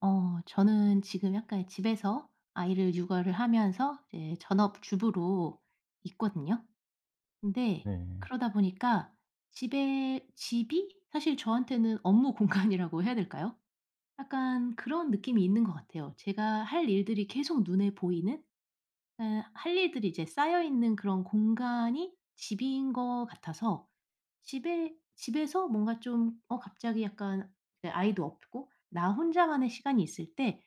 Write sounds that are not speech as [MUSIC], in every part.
어 저는 지금 약간 이 집에서 아이를 육아를 하면서 이제 전업주부로 있거든요. 근데 네. 그러다 보니까 집에 집이 사실 저한테는 업무 공간이라고 해야 될까요? 약간 그런 느낌이 있는 것 같아요. 제가 할 일들이 계속 눈에 보이는? 예 할 일들이 이제 쌓여 있는 그런 공간이 집인 것 같아서 집에 집에서 뭔가 좀 어 갑자기 약간 이제 아이도 없고 나 혼자만의 시간이 있을 때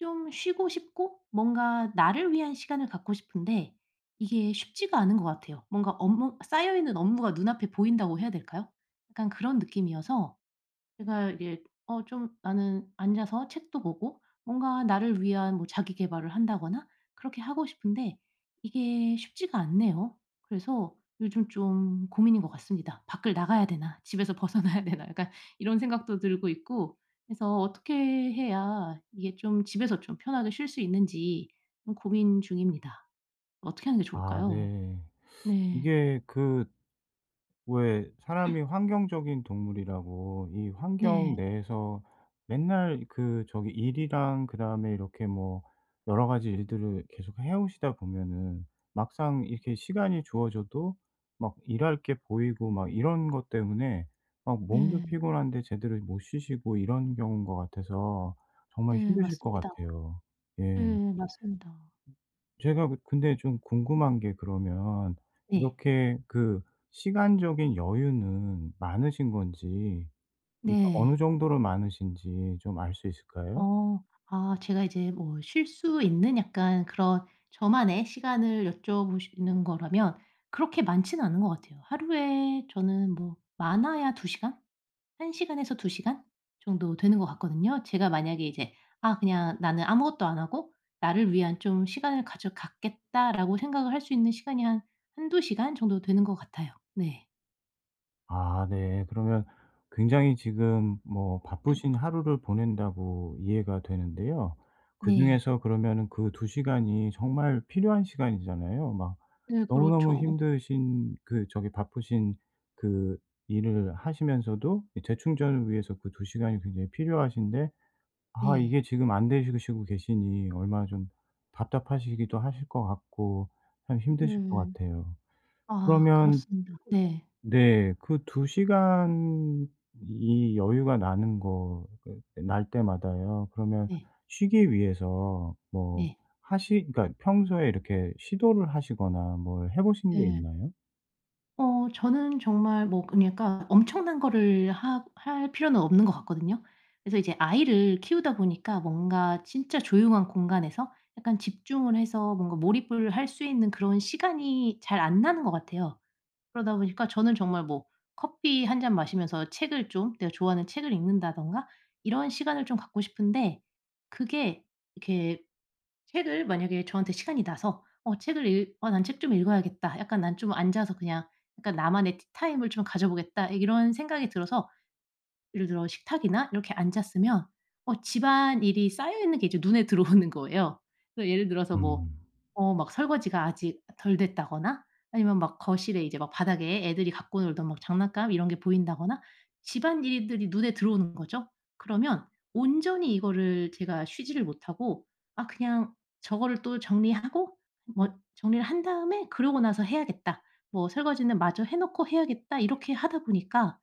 좀 쉬고 싶고 뭔가 나를 위한 시간을 갖고 싶은데 이게 쉽지가 않은 것 같아요. 뭔가 업무 쌓여 있는 업무가 눈 앞에 보인다고 해야 될까요? 약간 그런 느낌이어서. 제가 이게 어 좀 나는 앉아서 책도 보고 뭔가 나를 위한 뭐 자기 계발을 한다거나 그렇게 하고 싶은데 이게 쉽지가 않네요. 그래서 요즘 좀 고민인 것 같습니다. '밖을 나가야 되나? 집에서 벗어나야 되나?' 약간 이런 생각도 들고 있고 그래서 어떻게 해야 이게 좀 집에서 좀 편하게 쉴 수 있는지 좀 고민 중입니다. 어떻게 하는 게 아 좋을까요? 네. 네. 이게 그 왜 사람이 [COUGHS] 환경적인 동물이라고 이 환경 네. 내에서 맨날 그 저기 일이랑 그다음에 이렇게 뭐 여러 가지 일들을 계속 해 오시다 보면은 막상 이렇게 시간이 주어져도 막 일할 게 보이고 막 이런 것 때문에 막 몸도 네. 피곤한데 제대로 못 쉬시고 이런 경우인 것 같아서 정말 네 힘드실 것 맞습니다. 같아요. 예. 예 맞습니다. 제가 근데 좀 궁금한 게 그러면 네. 이렇게 그 시간적인 여유는 많으신 건지 그러니까 어느 네. 정도로 많으신지 좀 알 수 있을까요? 어. 아 제가 이제 뭐 쉴 수 있는 약간 그런 저만의 시간을 여쭤 보시는 거라면 그렇게 많지는 않은 것 같아요. 하루에 저는 뭐 많아야 2 시간? 1 시간에서 2 시간 정도 되는 것 같거든요. 제가 만약에 이제 '아 그냥 나는 아무것도 안 하고 나를 위한 좀 시간을 가져 갖겠다.'라고 생각을 할 수 있는 시간이 한 1-2 시간 정도 되는 것 같아요. 네. 아 네. 그러면 굉장히 지금 뭐 바쁘신 하루를 보낸다고 이해가 되는데요. 네. 그중에서 그러면은 그 2 시간이 정말 필요한 시간이잖아요. 막 네 너무너무 그렇죠. 힘드신 그 저기 바쁘신 그 일을 하시면서도 이 재충전을 위해서 그 2 시간이 굉장히 필요하신데 아 네. 이게 지금 안 되시고 시고 계시니 얼마나 좀 답답하시기도 하실 것 같고 참 힘드실 것 음. 같아요. 아 그러면 그렇습니다. 네. 네. 그 2 시간이 여유가 나는 거 그 그 날 때마다요 그러면 네. 쉬기 위해서 뭐 네. 하시 그러니까 평소에 이렇게 시도를 하시거나 뭘 해 보신 게 네. 있나요? 어. 저는 정말 뭐 그러니까 엄청난 거를 하 할 필요는 없는 것 같거든요. 그래서 이제 아이를 키우다 보니까 뭔가 진짜 조용한 공간에서 약간 집중을 해서 뭔가 몰입을 할 수 있는 그런 시간이 잘 안 나는 것 같아요. 그러다 보니까 저는 정말 뭐 커피 1 잔 마시면서 책을 좀 내가 좋아하는 책을 읽는다든가 이런 시간을 좀 갖고 싶은데 그게 이렇게 책을 만약에 저한테 시간이 나서 어 책을 읽 어 '난 책 좀 읽어야겠다.' 약간 '난 좀 앉아서 그냥 그러니까는 나만의 티타임을 좀 가져보겠다.' 이런 생각이 들어서 예를 들어 식탁이나 이렇게 앉았으면 어 집안일이 쌓여 있는 게 이제 눈에 들어오는 거예요. 그러니까 예를 들어서 뭐 음. 어 막 설거지가 아직 덜 됐다거나 아니면 막 거실에 이제 막 바닥에 애들이 갖고 놀던 막 장난감 이런 게 보인다거나 집안일들이 눈에 들어오는 거죠. 그러면 온전히 이거를 제가 쉬지를 못하고 '아 그냥 저거를 또 정리하고 뭐 정리를 한 다음에 그러고 나서 해야겠다.' 뭐 '설거지는 마저 해 놓고 해야겠다.' 이렇게 하다 보니까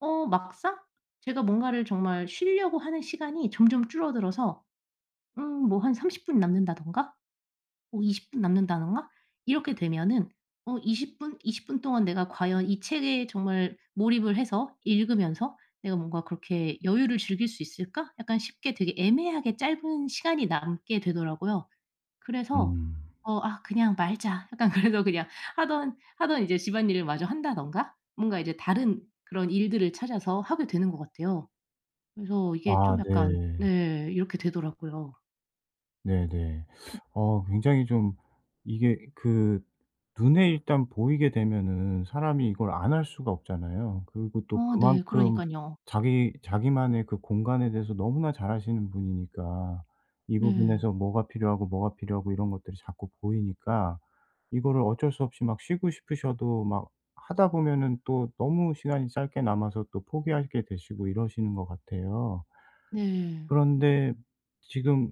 어 막상 제가 뭔가를 정말 쉬려고 하는 시간이 점점 줄어들어서 음 뭐 한 30 분 남는다든가? 어 20 분 남는다든가? 이렇게 되면은 '어 20 분? 20 분 동안 내가 과연 이 책에 정말 몰입을 해서 읽으면서 내가 뭔가 그렇게 여유를 즐길 수 있을까?' 약간 쉽게 되게 애매하게 짧은 시간이 남게 되더라고요. 그래서 음. 어 '아 그냥 말자.' 약간 그래서 그냥 하던 하던 이제 집안일을 마저 한다든가 뭔가 이제 다른 그런 일들을 찾아서 하게 되는 것 같아요. 그래서 이게 아 좀 약간 네. 네. 이렇게 되더라고요. 네네. [SUCKS TEETH] [COUGHS] 어 굉장히 좀 이게 그 눈에 일단 보이게 되면은 사람이 이걸 안 할 수가 없잖아요. 그리고 또 어 네. 그만큼 그러니깐요. 자기 자기만의 그 공간에 대해서 너무나 잘 아시는 분이니까 이 네. 부분에서 뭐가 필요하고, 뭐가 필요하고 이런 것들이 자꾸 보이니까 이거를 어쩔 수 없이 막 쉬고 싶으셔도 막 하다 보면은 또 너무 시간이 짧게 남아서 또 포기하게 되시고 이러시는 것 같아요. 네. 그런데 지금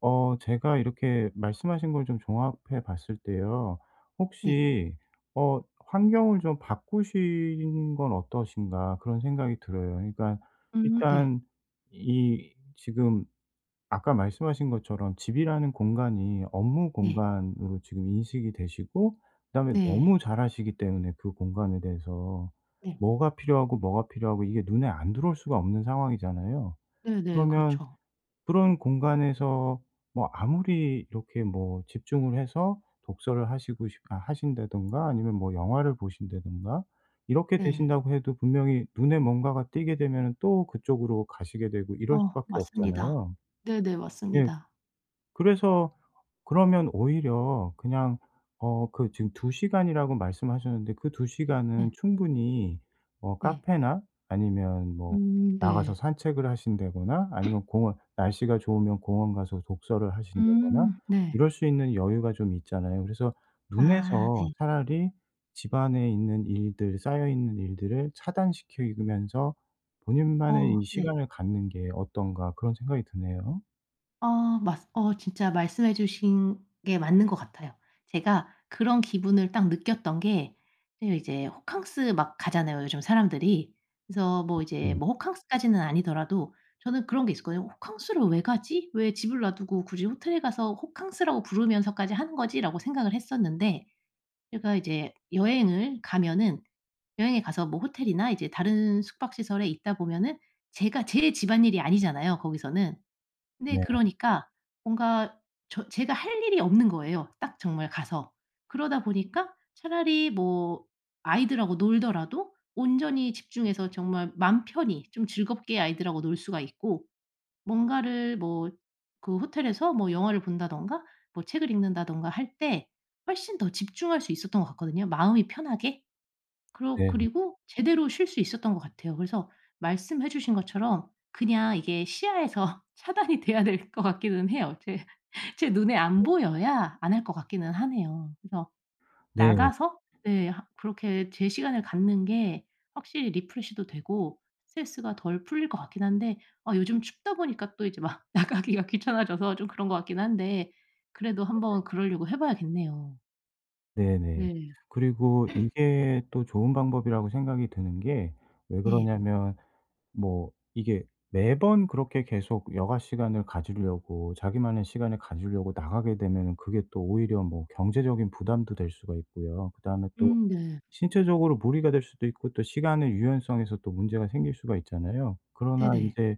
어 제가 이렇게 말씀하신 걸 좀 종합해 봤을 때요 네. 혹시 어 '환경을 좀 바꾸시는 건 어떠신가.' 그런 생각이 들어요. 그러니까 음 네. 일단 이 지금 아까 말씀하신 것처럼 집이라는 공간이 업무 네. 공간으로 지금 인식이 되시고 그다음에 네. 너무 잘 아시기 때문에 그 공간에 대해서 네. 뭐가 필요하고, 뭐가 필요하고 이게 눈에 안 들어올 수가 없는 상황이잖아요. 네네. 그러면 그렇죠. 그런 공간에서 뭐 아무리 이렇게 뭐 집중을 해서 독서를 하시고 싶 아 하신다든가 아니면 뭐 영화를 보신다든가 이렇게 네. 되신다고 해도 분명히 눈에 뭔가가 띄게 되면은 또 그쪽으로 가시게 되고 이럴 어. 수밖에 맞습니다. 없잖아요. 네네 예. 맞습니다. 그래서 그러면 오히려 그냥 어 그 지금 2 시간이라고 말씀하셨는데 그 2 시간은 네. 충분히 어 네. 카페나 아니면 뭐 음. 나가서 네. 산책을 하신다거나 아니면 공원 날씨가 좋으면 공원 가서 독서를 하신다거나 음. 네. 이럴 수 있는 여유가 좀 있잖아요. 그래서 아. '눈에서 네. 차라리 집안에 있는 일들 쌓여 있는 일들을 차단시키면서 본인만의 어. 이 네. 시간을 갖는 게 어떤가.' 그런 생각이 드네요. 어 맞습 어 진짜 말씀해 주신 게 맞는 것 같아요. 제가 그런 기분을 딱 느꼈던 게 제 이제 호캉스 막 가잖아요 요즘 사람들이. 그래서 뭐 이제 [UNINTELLIGIBLE] 뭐 호캉스까지는 아니더라도 저는 그런 게 있었거든요. '호캉스를 왜 가지? 왜 집을 놔두고 굳이 호텔에 가서 호캉스라고 부르면서까지 하는 거지?'라고 생각을 했었는데 제가 이제 여행을 가면은 여행에 가서 뭐 호텔이나 이제 다른 숙박 시설에 있다 보면은 제가 제 집안일이 아니잖아요 거기서는. 근데 네. 그러니까 뭔가 저 제가 할 일이 없는 거예요 딱 정말 가서. 그러다 보니까 차라리 뭐 아이들하고 놀더라도 온전히 집중해서 정말 맘 편히 좀 즐겁게 아이들하고 놀 수가 있고 뭔가를 뭐 그 호텔에서 뭐 영화를 본다든가 뭐 책을 읽는다든가 할 때 훨씬 더 집중할 수 있었던 것 같거든요 마음이 편하게. 그러 네네. 그리고 제대로 쉴 수 있었던 것 같아요. 그래서 말씀해 주신 것처럼 그냥 이게 시야에서 차단이 돼야 될 것 같기는 해요. 제 제 눈에 안 네. 보여야 안 할 것 같기는 하네요. 그래서 네. 나가서 네 하 그렇게 제 시간을 갖는 게 확실히 리프레시도 되고 스트레스가 덜 풀릴 것 같긴 한데 아 요즘 춥다 보니까 또 이제 막 나가기가 귀찮아져서 좀 그런 것 같긴 한데 그래도 네네. 한번 그러려고 해 봐야겠네요. 네네. 네. 그리고 [COUGHS] 이게 또 좋은 방법이라고 생각이 드는 게 왜 네. 그러냐면 뭐 이게 매번 그렇게 계속 여가 시간을 가지려고, 자기만의 시간을 가지려고 나가게 되면은 그게 또 오히려 뭐 경제적인 부담도 될 수가 있고요. 그다음에 또 음. 네. 신체적으로 무리가 될 수도 있고 또 시간의 유연성에서 또 문제가 생길 수가 있잖아요. 그러나 네네. 인제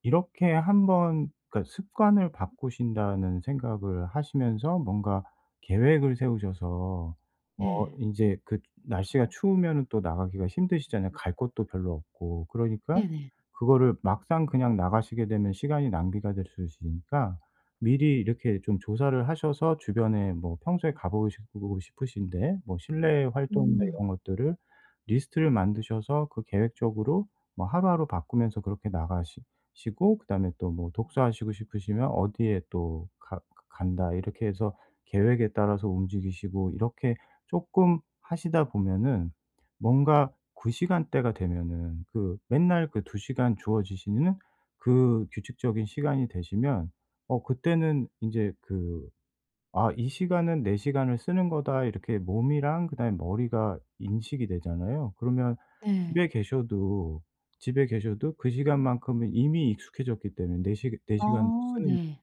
이렇게 한번 그러니까 습관을 바꾸신다는 생각을 하시면서 뭔가 계획을 세우셔서 어 네. 인제 그 날씨가 추우면은 또 나가기가 힘드시잖아요, 갈 곳도 별로 없고. 그러니까 네네. 그거를 막상 그냥 나가시게 되면 시간이 낭비가 될 수 있으니까 미리 이렇게 좀 조사를 하셔서 주변에 뭐 평소에 가 보고 시고 싶으신 데, 뭐 실내 활동이나 음. 이런 것들을 리스트를 만드셔서 그 계획적으로 뭐 하루하루 바꾸면서 그렇게 나가시 시고 그다음에 또 뭐 독서하시고 싶으시면 어디에 또 가 그 간다 이렇게 해서 계획에 따라서 움직이시고 이렇게 쪼끔 하시다 보면은 뭔가 그 시간대가 되면은, 그 맨날 그 2 시간 주어지시는 그 규칙적인 시간이 되시면 어 그때는 인제 그 아 "이 시간은 내 시간을 쓰는 거다." 이렇게 몸이랑 그다음에 머리가 인식이 되잖아요. 그러면 네. 집에 계셔도, 집에 계셔도 그 시간만큼은 이미 익숙해졌기 때문에 내 시 내 시간으로 아 쓰는 네.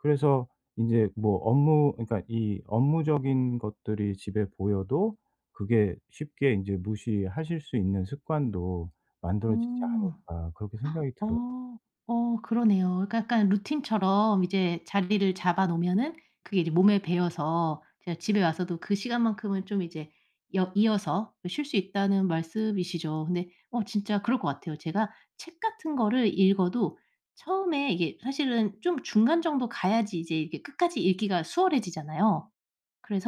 그래서 인제 뭐 업무 그러니까 이 업무적인 것들이 집에 보여도 그게 쉽게 인제 '무시하실 수 있는 습관도 만들어지지 아. 않을까?' 그렇게 생각이 [GASPS] 들어요. 어. 어 그러네요. 그러니까 약간 루틴처럼 이제 자리를 잡아 놓으면은 그게 이제 몸에 배어서 제가 집에 와서도 그 시간만큼은 좀 이제 여 이어서 쉴 수 있다는 말씀이시죠. 근데 어 진짜 그럴 것 같아요. 제가 책 같은 거를 읽어도 처음에 이게 사실은 좀 중간 정도 가야지 이제 이게 끝까지 읽기가 수월해지잖아요.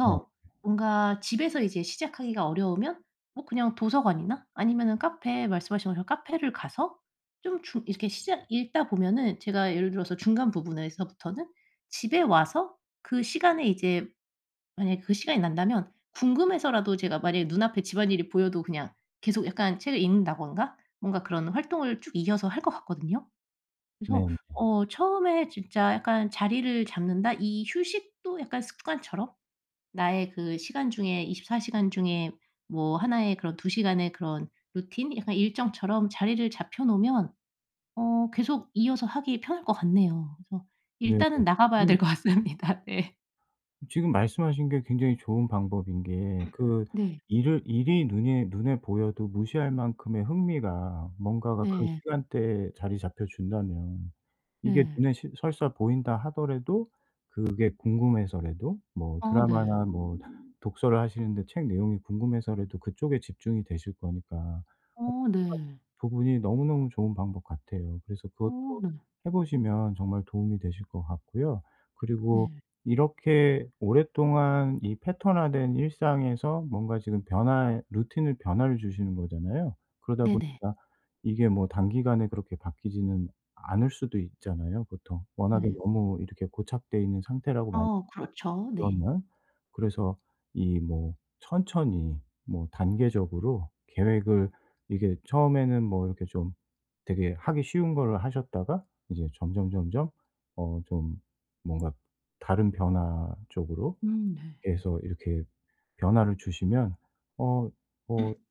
네. 뭔가 집에서 이제 시작하기가 어려우면 뭐 그냥 도서관이나 아니면은 카페, 말씀하신 것처럼 카페를 가서 좀 중 이렇게 시작 읽다 보면은 제가 예를 들어서 중간 부분에서부터는 집에 와서 그 시간에 이제 만약에 그 시간이 난다면 궁금해서라도 제가 만약에 눈 앞에 집안일이 보여도 그냥 계속 약간 책을 읽는다든가 뭔가 그런 활동을 쭉 이어서 할 것 같거든요. 그래서 네네. 어 처음에 진짜 약간 자리를 잡는다, 이 휴식도 약간 습관처럼. 나의 그 시간 중에 24 시간 중에 뭐 1 의 그런 2 시간의 그런 루틴, 약간 일정처럼 자리를 잡혀 놓으면 어 계속 이어서 하기 편할 것 같네요. 그래서 네네. 일단은 나가 봐야 지금 될 것 같습니다. 네. 지금 말씀하신 게 굉장히 좋은 방법인 게 [COUGHS] 그 네. 일을 일이 눈에 눈에 보여도 무시할 만큼의 흥미가 뭔가가 그 네. 시간대에 자리 잡혀 준다면 이게 네. 눈에 시 설사 보인다 하더라도 그게 궁금해서라도 뭐 아 네. 드라마나 뭐 독서를 하시는데 책 내용이 궁금해서라도 그쪽에 집중이 되실 거니까 말씀하신 어 네. 부분이 너무너무 좋은 방법 같아요. 그래서 그것도 어 네. 해 보시면 정말 도움이 되실 것 같고요. 그리고 네. 이렇게 오랫동안 이 패턴화된 일상에서 뭔가 지금 변화의 루틴을 변화를 주시는 거잖아요. 그러다 네네. 보니까 이게 뭐 단기간에 그렇게 바뀌지는 않을 수도 있잖아요, 보통. 워낙에 네. 너무 이렇게 고착되어 있는 상태라고 많이 어 그렇죠. 네. 그러면. 그래서 이 뭐 천천히 뭐 단계적으로 계획을 이게 처음에는 뭐 이렇게 좀 되게 하기 쉬운 거를 하셨다가 이제 점점 점점 어 좀 뭔가 다른 변화 쪽으로 음 네. 이렇게 해서 이렇게 변화를 주시면 어 어 [COUGHS]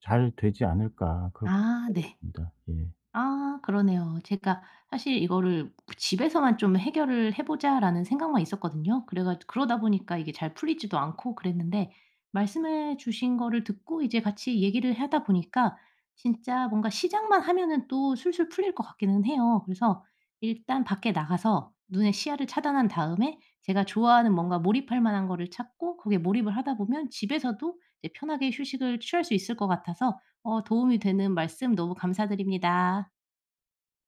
'잘 되지 않을까?' 그렇게 아 생각이 네. 듭니다. 예. 아 그러네요. 제가 사실 이거를 그 '집에서만 좀 해결을 해 보자.'라는 생각만 있었거든요. 그래가 그러다 보니까 이게 잘 풀리지도 않고 그랬는데 말씀해 주신 거를 듣고 이제 같이 얘기를 하다 보니까 진짜 뭔가 시작만 하면은 또 술술 풀릴 것 같기는 해요. 그래서 일단 밖에 나가서 눈에 시야를 차단한 다음에 제가 좋아하는 뭔가 몰입할 만한 거를 찾고 거기에 몰입을 하다 보면 집에서도 이제 편하게 휴식을 취할 수 있을 것 같아서 어 도움이 되는 말씀 너무 감사드립니다.